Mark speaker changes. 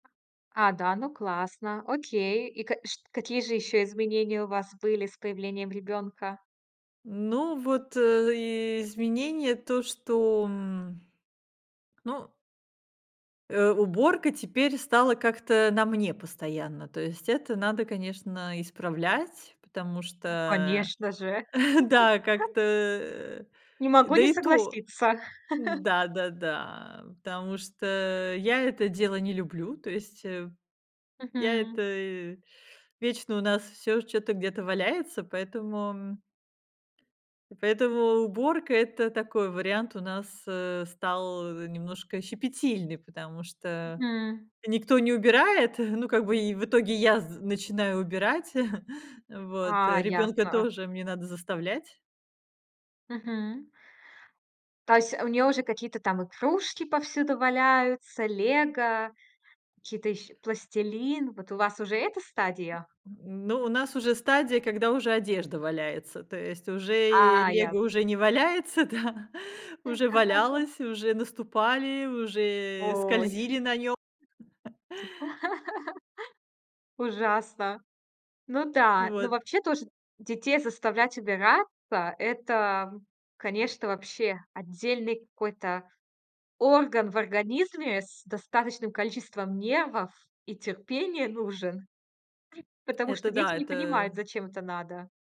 Speaker 1: А, да. Ну, классно. Окей. И ка чт какие же ещё изменения у вас были с появлением ребёнка?
Speaker 2: Ну, вот, э, изменение, то, что, м. Ну Э, уборка теперь стала как-то на мне постоянно, то есть это надо, конечно, исправлять, потому
Speaker 1: Ну,
Speaker 2: что
Speaker 1: конечно же!
Speaker 2: Да, как-то, э,
Speaker 1: Не могу
Speaker 2: да
Speaker 1: не
Speaker 2: и то.
Speaker 1: согласиться.
Speaker 2: Да, да, да, потому что я это дело не люблю, то есть, э. Я
Speaker 1: Мгм.
Speaker 2: это вечно у нас всё чё-то где-то валяется, поэтому И поэтому уборка- это такой вариант у нас, э, стал немножко щепетильный, потому что
Speaker 1: Мгм.
Speaker 2: никто не убирает, ну, как бы, и в итоге я з начинаю убирать, вот,
Speaker 1: А,
Speaker 2: ребёнка
Speaker 1: ясно.
Speaker 2: тоже мне надо заставлять.
Speaker 1: Мгм. То есть у нее уже какие-то там игрушки повсюду валяются, "Лего", какие-то ещ пластилин. Вот у вас уже эта стадия?
Speaker 2: Ну, у нас уже стадия, когда уже одежда валяется. То есть уже и
Speaker 1: А, яс
Speaker 2: "Лего" уже не валяется, да, уже валялось, уже наступали, уже и
Speaker 1: Ой.
Speaker 2: скользили на нём.
Speaker 1: Ужасно. Ну
Speaker 2: Ну,
Speaker 1: да, но
Speaker 2: вот.
Speaker 1: вообще тоже детей заставлять убираться- это, конечно, вообще отдельный какой-то орган в организме, с достаточным количеством нервов и терпения нужен. Потому что
Speaker 2: Это
Speaker 1: дети
Speaker 2: да,
Speaker 1: не понимают,
Speaker 2: это
Speaker 1: зачем это надо.